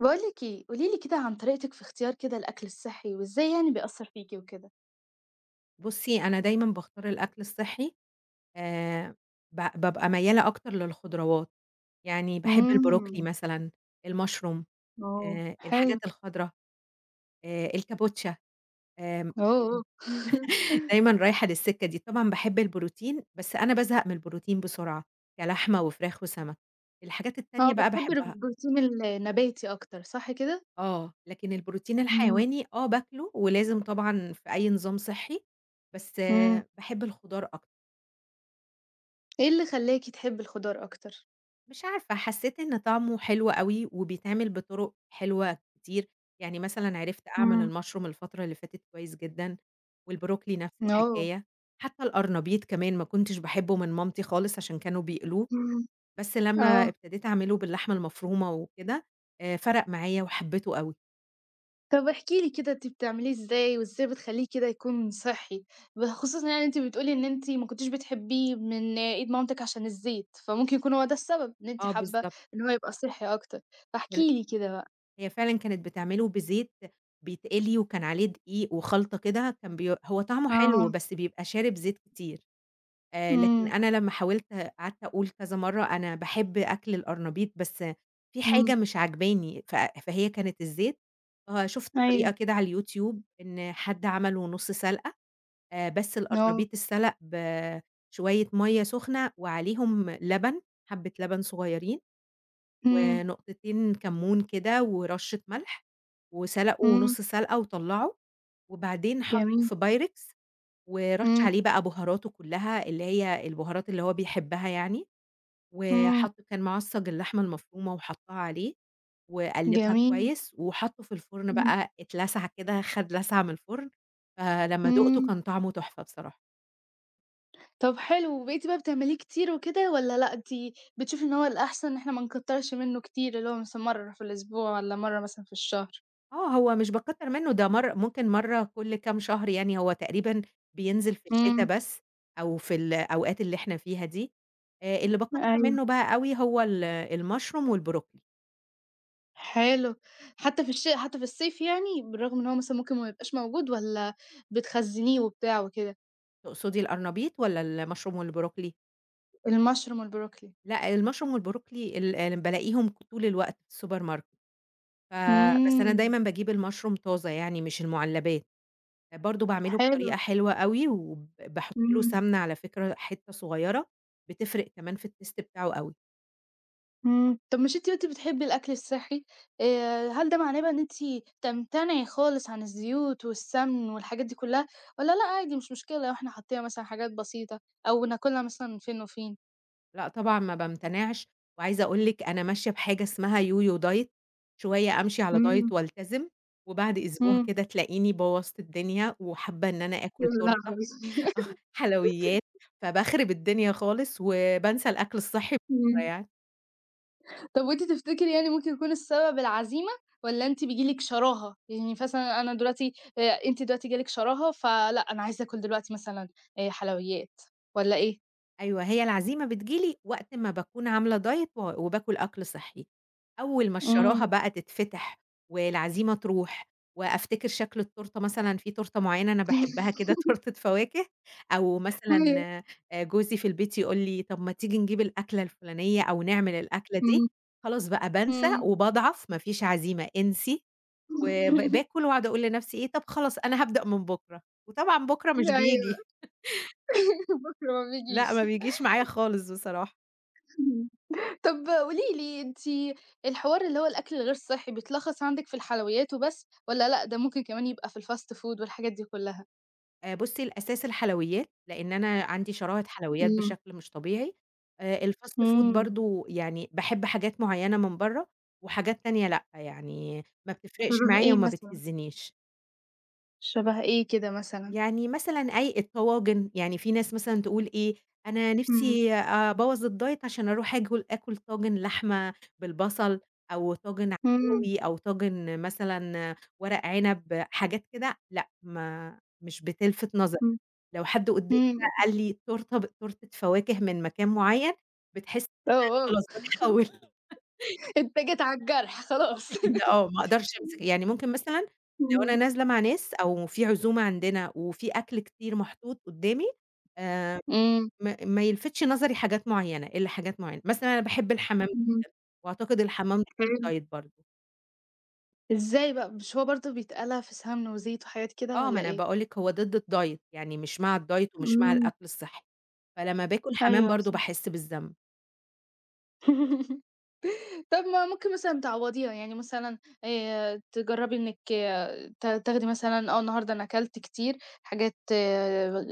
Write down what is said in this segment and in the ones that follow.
باقول لِك إيه، قولي لي كده عن طريقتِك في إختيار كده الأكل الصحي، وازاي يعني بيأثّر فيكِ وكده؟ بُصّي، أنا دايمًا باختار الأكْل الصحّي آآ، ب بابقى ميّالة أكتر للخضروات، يعني باحب البروكلي إمم. مثلًا، الmushroom آه آآ، حلو. الحاجات الخضرا آآ، الكابوتشا آمم، يعني أوه! دايمًا رايحة للـسكة دي. طبعًا باحب البروتين، بس أنا بازهق من البروتين بسرعة، كلحمة وفراخ وسمك. الحاجات آه، التانية بقى بتحبي باحبها. البروتين ال النباتي أكتر، صح كده؟ آه، لكن البروتين إمم. الحيواني آه باكله، ولازم طبعًا في أي نظام صحّي بس، إمم. باحب الخضار أكتر. إيه اللي خلّاكِ تحبي الخضار أكتر؟ مش عارفة، حسيت إن طعمه حلو أوي، وبيتعمل بطُرُق حلوة كتير، يعني مثلًا عِرِفت إمم. أعمل الmushroom الفترة اللي فاتت كويس جدًا، والبروكلي نَفْس أوه! الحكاية، حتى القرنبيط كمان ما كُنتش باحبه من مامتي خالص عشان كانوا بيقلوه، إمم، بس لمّا آه. ابتديت أعمله باللحمة المفرومة وكده آآ، فَرَق معايا وحبيته أوي. طَب احكي لي كده، أنتِ بتعمليه ازاي، وإزاي بتخلّيه كده يكون صحّي؟ ب خصوصًا يعني أنتِ بتقولي إن أنتِ ما كنتيش بتحبّيه من إيد مامتِك عشان الزيت، فممكن يكون هو ده السبب إن أنتِ آه، حابّة بالضبط. إن هو يبقى صحّي أكتر. فاحكِ الر لي كده بقى. هي فعلًا كانت بتعمله بزيت بيتقلي وكان عليه دقيق وخلْطة كده، كان بي هو طَعمه حلو، آه. بس بيبقى شارب زيت كتير، آآ، لكن امم. أنا لمّا حاولت، قعَدت أقول كذا مرّة أنا باحب أكْل القرنبيط بس في امم. حاجة مش عاجباني، ف فهي كانت الزيت، آه، شُفت طريقة أيوه. كده على الYouTube إن حد عمله نُص سَلقة، آآ، بس آه. القرنبيط اتسلَق بشوية مَيّه سُخنة وعليهم لبن، حَبّة لبن صغيّرين، امم. ونقطتين كمّون كده ورشّة ملح، وسلَقه امم. نُص سلْقة وطلّعه، وبعدين حَطّه جميل. في Pyrex ورَش امم. عليه بقى بُهاراته كلّها اللي هي البُهارات اللي هو بيحبّها يعني، و امم. حَط كان معصّج اللحمة المفرومة وحَطّها عليه، وقلِّبها جميل. كويس، وحَطّه في الفرن امم. بقى اتلسَع كده، خَد لَسعة من الفُرن، فلمّا دوقته امم. كان طعمه تحفة بصراحة. طَب حلو، وبقيتِ بقى بتعمليه كتير وكده والّا لأ، انتي بتشوفي إن هو الأحسَن إن إحنا ما نكتّرش منُّه كتير، اللي هو مثلًا مرّة في الأسبوع والّا مرّة مثلًا في الشهر؟ آه، هو مش باكتّر منُّه، ده مرّ ممكن مرّة كلّ كام شهر يعني، هو تقريبًا بينزِل في الشتا امم. بس، أو في الأوقات اللي إحنا فيها دي. آآ، اللي باكتّر أيوه. منُّه بقى أوي هو ال المشروم والبروكلي. حلو. حتى في الش حتى في الصيف يعني، بالرغم إن هو مثلًا ممكن ما يبقاش موجود والّا بتخزّنيه وبتاع وكده؟ تقصُدي القرنبيط والّا المشروم والبروكلي؟ المشروم والبروكلي. لأ، المشروم والبروكلي ال بالاقيهم طُول الوقت في الsupermarket، ف بس أنا امم. دايمًا باجيب المشروم طازة يعني، مش المُعلّبات. برضه باعمله حلو. بطريقة حلوة أوي، وب باحُط له امم. سَمنة على فكرة حِتّة صغيرة بتفرِق كمان في Taste بتاعه أوي. امم، طَب مش أنتِ قُلتِ بتحبّي الأكْل الصحّي، آآ، هل ده معناه بقى إن أنتِ تمتنعي خالص عن الزيوت والسَّمن والحاجات دي كلّها، والَّا لأ عادي مش مشكلة لو إحنا حطّينا مثلًا حاجات بسيطة أو ناكلها مثلًا من فين وفين؟ لأ طبعًا ما بامتنِعش، وعايزة أقول لِك أنا ماشية بحاجة اسمها Yo-Yo Diet شوية أمشِي على diet إمم. وألتزم وبَعد أسبوع إمم. كده تلاقيني بوّظت الدنيا وحابّة إن أنا يا آكُل تورتة، لهوي حلويّات، فباخرِب الدنيا خالص وبانسى الأكْل الصحّي إمم. [unintelligible] طَب وأنتِ تفتكري يعني ممكن يكون السبب العزيمة؟ والّا أنتِ بييجي لِك شراهه؟ يعني مثلًا أنا دلوقتي آآ، أنتِ دلوقتي جاه لِك شراهه ف لأ أنا عايزة آكُل دلوقتي مثلًا آآ حلويات، والّا إيه؟ أيوة هي العزيمة بتيجي لي وقت ما باكون عاملة diet و وباكل أكْل صحّي، أول ما الشراهة إمم. بقى تتفتِح والعزيمة ترُوح وأفتكر شكْل التورتة، مثلًا في تورتة معيّنة أنا باحبها كده، تورتة فواكه أو مثلًا [unintelligible] آآ جوزي في البيت يقول لي طَب ما تيجي نجيب الأكلة الفلانية أو نعمل الأكلة دي، إمم، خلاص بقى بانسى إمم. وباضعَف، ما فيش عزيمة، انسي و ب باكُل وأقعُد أقول لنفسي إيه "طَب خلاص أنا هابدأ من بُكرة." وطبعًا بُكرة مش أيوة بييجي. بُكرة ما لأ بيجيش ما بيجيش معايا خالص بصراحة. طَب قولي لي، أنتِ الحوار اللي هو الأكل الغير صحّي بيتلخّص عندِك في الحلويّات وبس والّا لأ ده ممكن كمان يبقى في الfast food والحاجات دي كلّها؟ آآ بُصّي، الأساس الحلويات لإن أنا عندي شراهة حلويات إمم. بشكل مش طبيعي، آآ الfast food أمم. برضه يعني باحب حاجات معيّنة من برّه وحاجات تانية لأ، يعني ما بتفرِقش شبه معايا إيه وما مثلًا؟ بتهزّنيش. شبَه إيه كده مثلًا؟ يعني مثلًا أي الطواجن، يعني فيه ناس مثلًا تقول إيه، أنا إمم. نِفْسي أبوّظ الdiet عشان أرُوح آكُل آكُل طاجن لحمة بالبصل أو طاجن إمم. عكاوي أو طاجن مثلًا ورق عِنب، حاجات كده لأ، ما مش بتلْفِت نظري إمم، لو حد قُدّامي بقى إمم. قال لي تورتة ب تورتة فواكه من مكان معيّن بتحسّي إن أنا أُوه، أوه خلاص باتحوّل أنت جيت على الجرْح بالضبط خلاص. كده آه، ما أقدَرش أمسِك يعني ممكن مثلًا لو إمم. أنا نازلة مع ناس أو فيه عزومة عندنا وفيه أكْل كتير محطوط قُدّامي آآ إمم. ما ما يلفِتش نظري حاجات معيّنة، إلّا حاجات معينة، مثلًا أنا باحب الحمام جدًا إمم. وأعتقد الحمام ضد حلو. الdiet برضه. ازاي بقى؟ مش هو برضو بيتقلَى في سَمنة وزيت وحاجات كده آه، والَّا ما أنا إيه؟ باقول لِك هو ضد الdiet، يعني مش مع الdiet ومش مع إمم. الأكل الصحي، فلمّا باكل حَمام أيوه برضو صح. باحس بالذنب. طَب ما هو ممكن مثلًا تعوضيها، يعني مثلًا آآ تجربي إنكِ ت تاخدي مثلًا، آه النهاردة أنا كلت كتير حاجات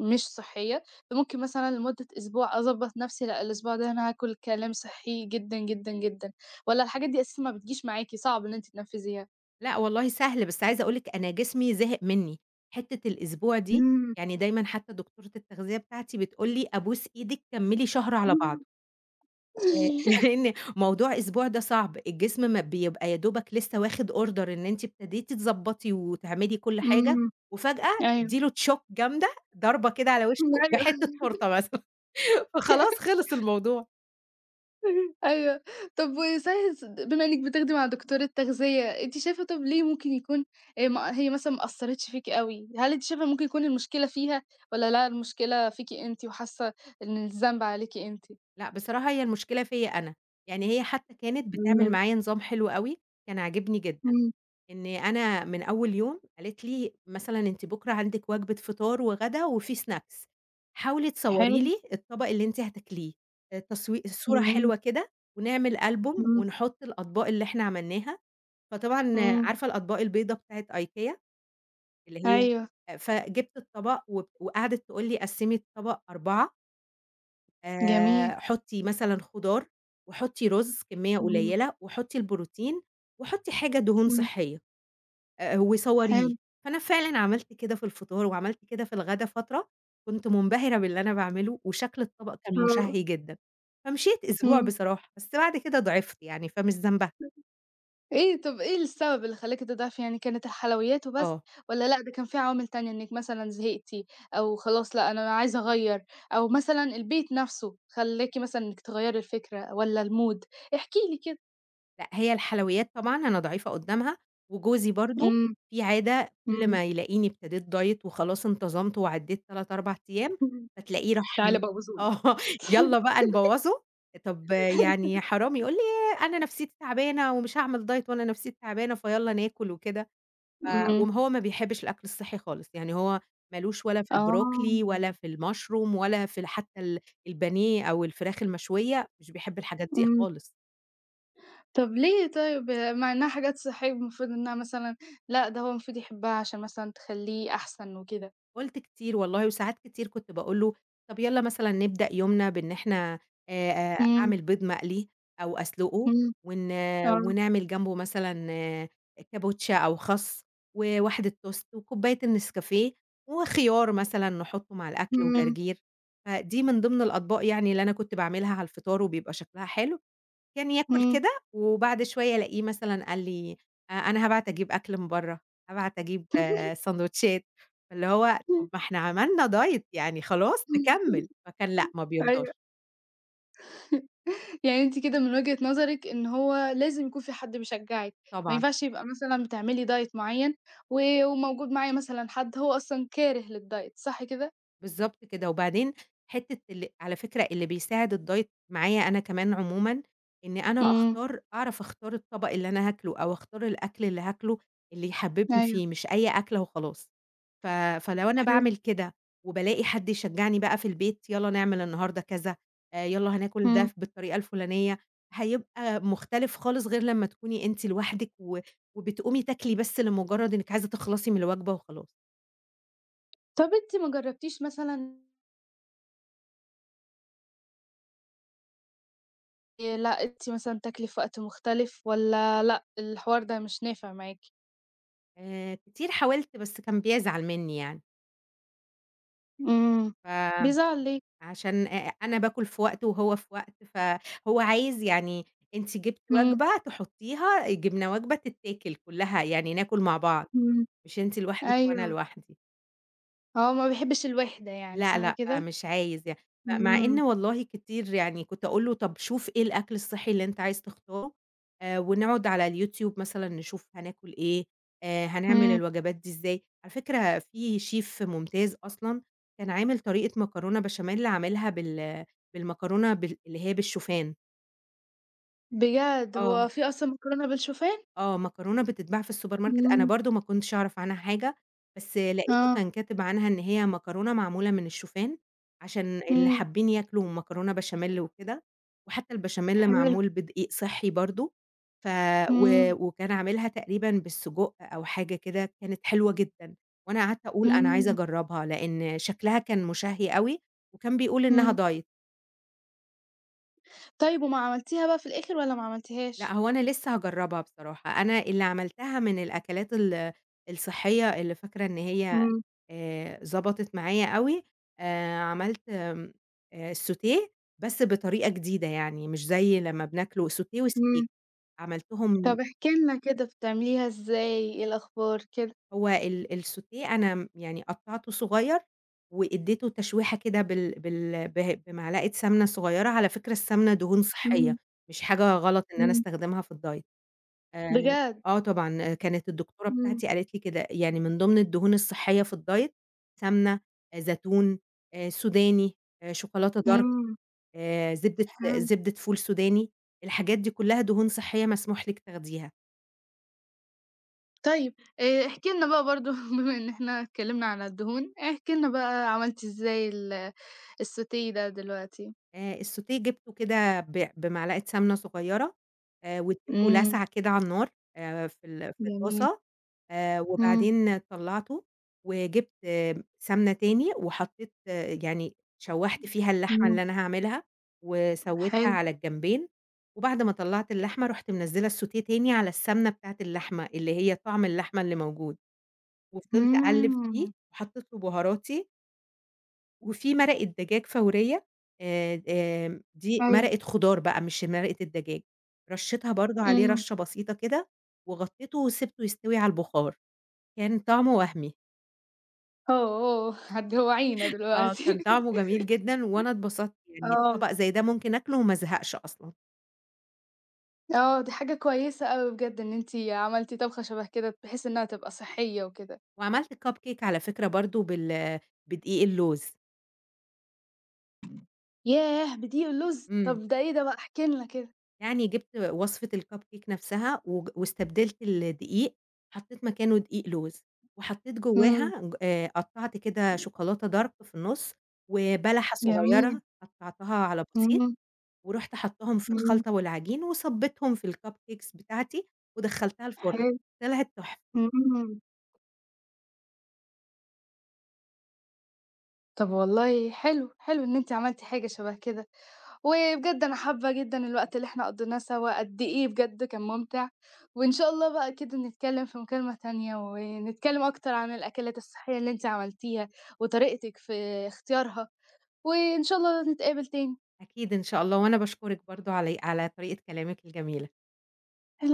مش صحية، فممكن مثلًا لمُدة أسبوع أضبّط نفسي، لأ الأسبوع ده أنا هاكل كلام صحّي جدًا جدًا جدًا. والّا الحاجات دي أساسًا ما بتجيش معاكِ، صعب إن أنتِ تنفذيها؟ لأ، والله سهل، بس عايزة أقول لِك أنا جسمي زهِق مني. حتّة الأسبوع دي إمم. يعني دايمًا حتى دكتورة التغذية بتاعتي بتقول لي أبوس إيدِك، كملي شهر على بعضه. امم. آآ لإن موضوع أسبوع ده صعب، الجسم ما بيبقى يا دوبك لسه واخد order إن أنتِ ابتديتِ تضبّطي وتعملي كُل حاجة، إمم. وفجأة أيوه. تدّي له shock جامدة، ضربة كده على ما وشه أيوه. بحِتّة تورتة مثلًا، فخلاص خِلص الموضوع. أيوه. طَب، و [unintelligible] بما إنكِ بتاخدي مع دكتورة تغذية، أنتِ شايفة طَب ليه ممكن يكون، آآ ما هي مثلًا ما أثّرتش فيكِ أوي؟ هل أنتِ شايفة إن ممكن يكون المشكلة فيها؟ والّا لا، المشكلة فيكِ أنتِ، وحاسة إن الذنب عليكِ أنتِ؟ لأ بصراحة هي المشكلة فيّا أنا. يعني هي حتى كانت بتعمِل إمم. معايا نظام حلو أوي، كان عاجبني جدًا، إمم. إن أنا مِن أول يوم قالت لي: "مثلًا أنتِ بُكرة عندكِ وجبة فطار وغدا وفي snacks. حاولي تصوري حلو. لي الطبق اللي أنتِ هتاكليه. آآ تصوي الصورة جميل. حلوة كده، ونعمل ألبوم، إمم. ونحط الأطباق اللي إحنا عملناها." فطبعًا إمم. عارفة الأطباق البيضا بتاعِة IKEA، اللي هي أيوه. فجبت الطبق، وب وقعدت تقول لي قسّمي الطبق 4 جميل. آآ حُطّي مثلًا خُضار، وحُطّي رز كمية امم. قليّلة، وحُطّي البروتين، وحُطّي حاجة دهون امم. صحّية، آآ وصوريه. حلو. فأنا فعلًا عملت كده في الفطار، وعملت كده في الغدا فترة، كنت منبهرة باللي أنا باعمله، وشكْل الطبق كان آه. مُشَهّي جدًا. فمِشيت أسبوع امم. بصراحة، بس بعد كده ضعِفت يعني، فمش ذنبها. إيه، طَب إيه السبب اللي خلّاكِ تضعفي؟ يعني كانت الحلويّات وبس آه. والّا لأ؟ ده كان في عوامل تانية إنِك مثلًا زهِقتِ أو خلاص، لأ أنا عايزة أغيّر، أو مثلًا البيت نَفْسه خلّاكِ مثلًا إنِك تغيّري الفكرة والّا الmood؟ احكي لي. لأ، هي الحلويّات طبعًا، أنا ضعيفة قُدّامها، وجوزي برضه امم، فيه عادة كلّ امم. ما يلاقيني ابتديت Diet وخلاص انتظَمت وعدّيت 3، 4 أيام، امم، فتلاقيه راح تعالى م أبوظه آه، لِك. يالّا بقى نبوظّه. طَب يعني حرام يقول لي: "أنا نفسيّتي تعبانة ومش هاعمل Diet وأنا نفسيّتي تعبانة، فيالّا ناكُل وكده." ف امم. وما هو ما بيحبّش الأكْل الصحّي خالص، يعني هو مالوش ولا في البروكلي ولا آه. في المشروم ولا في ال حتى ال البانيه أو الفراخ المشويّة، مش بيحِب الحاجات دي امم. خالص. طَب ليه طيب مع إنّها حاجات صحّية المفروض إنّها مثلًا لأ، ده هو المفروض يحبّها عشان مثلًا تخلّيه أحسن وكده؟ قُلت كتير والله وساعات كتير كنت باقول له: "طَب يالّا مثلًا نبدأ يومنا بإن إحنا آآ" إمم. أعمل بيض مقلي أو أسلُقه إمم، ون آه. ونعمل جنبه مثلًا كابوتشا أو خَس وواحدة toast وكوباية الNescafe وخيار مثلًا نحُطّه مع الأكل إمم. وجرجير، فدي من ضمن الأطباق يعني اللي أنا كنت باعملها على الفطار وبيبقى شكلها حلو. كان ياكُل إمم. كده وبعد شوية ألاقيه مثلًا قال لي: "آآ أنا هابعت أجيب أكل من برّه، هابعت أجيب ساندويتشات." فاللي هو طَب ما إحنا عملنا diet يعني خلاص نكمِّل، فكان لأ ما أيوه. بيرضاش. يعني أنتِ كده من وجهة نظرِك إن هو لازم يكون في حد بيشجّعِك ما طبعًا. ينفعش يبقى مثلًا بتعملي diet معيّن و وموجود معايا مثلًا حد هو أصلًا كاره للdiet، صح كده؟ بالضبط كده، وبعدين حتّة ال على فكرة اللي بيساعد الdiet معايا أنا كمان عمومًا، إن أنا إمم. أختار أعرف أختار الطَبَق اللي أنا هاكله أو أختار الأكل اللي هاكله اللي يحبِّبني أيوه. فيه مش أي أكلة وخلاص. ف فلو أنا حلو. باعمل كده وبالاقي حد يشجّعني بقى في البيت يالّا نعمل النهاردة كذا، آآ يالّا هناكل ده إمم. ف بالطريقة الفُلانية، هيبقى مختلف خالص غير لمّا تكوني أنتِ لوحدِك و وبتقومي تاكلي بس لمُجرّد إنِّك عايزة تخلصي من الوجبة وخلاص. طَب أنتِ ما جرّبتش مثلًا آآ لأ، أنتِ مثلًا بتاكلي في وقت مختلف والّا لأ، الحوار ده مش نافع معاكِ؟ آآ كتير حاولت بس كان بيزعل منّي يعني. إمم. ف بيزعل ليه؟ عشان آآ أنا باكُل في وقت وهو في وقت، فهو عايز "يعني أنتِ جبتِ إمم. وجبة تحُطّيها، جِبنا وجبة تتاكل كُلّها، يعني ناكُل مع بعض، إمم. مش أنتِ لوحدك وأنا أيوه. لوحدي." آه، ما بيحبّش الوِحدة يعني، لأ، صح لأ، كده؟ مش عايز يع م مع إن إمم. والله كتير يعني كنت أقول له: "طَب شوف إيه الأكل الصحّي اللي أنت عايز تختاره آآ ونقعُد على الYouTube مثلًا نشوف هناكُل إيه، آآ هنعمل إمم. الوجبات دي إزاي؟" على فكرة فيه Chef ممتاز أصلًا، كان عامل طريقة مكرونة بشاميل، عاملها بال بالمكرونة بال اللي هي بالشوفان. بجد! هو آه. فيه أصلًا مكرونة بالشوفان؟ آه، مكرونة بتتباع في الSupermarket، أنا إمم. برضه ما كنتش أعرف عنها حاجة، بس لقيته آه. كان كاتب عنها إن هي مكرونة معمولة من الشوفان، عشان اللي إمم. حابين ياكلوا مكرونة بشاميل وكده، وحتى البشاميل حلو. معمول بدقيق صحّي برضه، ف و إمم. وكان عاملها تقريبًا بالسجق أو حاجة كده، كانت حلوة جدًا، وأنا قعدت أقول أنا عايزة إمم. أجرّبها لإن شكلها كان مُشَهّي أوي وكان بيقول إنّها إمم. Diet. طيب، وما عملتيها بقى في الآخر، والّا ما لأ، عملتِهاش؟ هو أنا لسّه هاجرّبها بصراحة، أنا اللي عملتها من الأكلات ال الصحّية، اللي فاكرة إن هي إمم. آآ ظبطت معايا أوي، آآ عملت آمم، آآ، الsautée بس بطريقة جديدة، يعني مش زَي لمّا بناكله sautée وsteak إمم. طب عملتهم احكي لنا كده بتعمليها إزاي، إيه الأخبار كده؟ هو ال الsautée أنا م يعني قطعّته صغيّر، وإديته تشويحة كده، بال بال بهي بمعلقة سَمنة صغيّرة، على فكرة السَمنة دهون إمم. صحيّة، مش حاجة غلط إن أنا إمم. أستخدمها في الdiet، آآ، بجد؟! آه طبعًا، آآ كانت الدكتورة إمم. بتاعتي قالت لي كده يعني: "من ضِمن الدهون الصحيّة في الdiet سَمنة، زيتون، آآ، سوداني، شوكولاتة dark آمم. آآ، زبدة إمم. زبدة فول سوداني، الحاجات دي كلّها دهون صحيّة مسموح لِك تاخديها.". طيب آآ، احكي لنا بقى برضه بما إن إحنا اتكلمنا على الدهون، احكي لنا بقى عملتِ إزاي ال الsautée ده دلوقتي؟ آآ، الsautée جبته كده بع بمعلقة سَمنة صغيّرة، آآ واديته إمم لسعة كده على النار آآ في ال في جميل. الطاسة، آآ إمم وبعدين طلّعته وجبت آمم، سَمنة تاني، وحطيت يعني شوّحت فيها اللحمة إمم. اللي أنا هاعملها، وسوّيتها حلو. على الجنبين، وبعد ما طلّعت اللحمة، رُحت منزّلة الsautée تاني على السَمنة بتاعة اللحمة، اللي هي طَعم اللحمة اللي موجود، وفضلت أقلّب فيه، إمم. وحطيت له بهاراتي. وفي مرقة دجاج فورية، آآ، آمم، دي أيوه. مرقة خُضار بقى مش مرقة الدجاج، رشيتها برضه عليه امم. رشة بسيطة كده، وغطيتُه وسِبته يستوي على البُخار، كان طعمُه وهمي. أوه، هتجوعينا آه، دلوقتي. كان طعمه جميل جدًا، وأنا اتبسطت، يعني آه. طبق زي ده ممكن آكلُه وما أزهقش أصلًا. آه، دي حاجة كويسة أوي بجد، إن أنتِ عملتِ طبخة شبه كده، بحيث إنها تبقى صحية وكده. وعملت Cupcake على فكرة برضه بال بدقيق اللوز. ياه! بدقيق اللوز؟! امم. طَب ده إيه ده بقى؟ احكي لنا كده. يعني جِبت وصفة الCupcake نفسها، وج واستبدلت الدقيق، حطيت مكانه دقيق لوز، وحطيت امم. جواها، ج آآ، قطّعت كده [unintelligible] شوكولاتة Dark في النُص، وبلحة جميل. صغيرة قطّعتها على بسيط، امم. ورُحت حطاهم في امم. الخلطة والعجين، وصبيتهم في الCupcakes بتاعتي، ودخّلتها الفُرن، حلو، طلعت تُحفة. امم. طَب والله حلو، حلو إن أنتِ عملتِ حاجة شبه كده، وبجد أنا حابة جدًا الوقت اللي إحنا قضيناه سوا، قد إيه بجد كان مُمتع، وإن شاء الله بقى كده نتكلم في مكالمة تانية، ونتكلم أكتر عن الأكلات الصحية اللي أنتِ عملتيها، وطريقتك في اختيارها، وإن شاء الله نتقابل تاني. أكيد إن شاء الله، وأنا باشكرِك برضه علي على طريقة كلامِك الجميلة. الع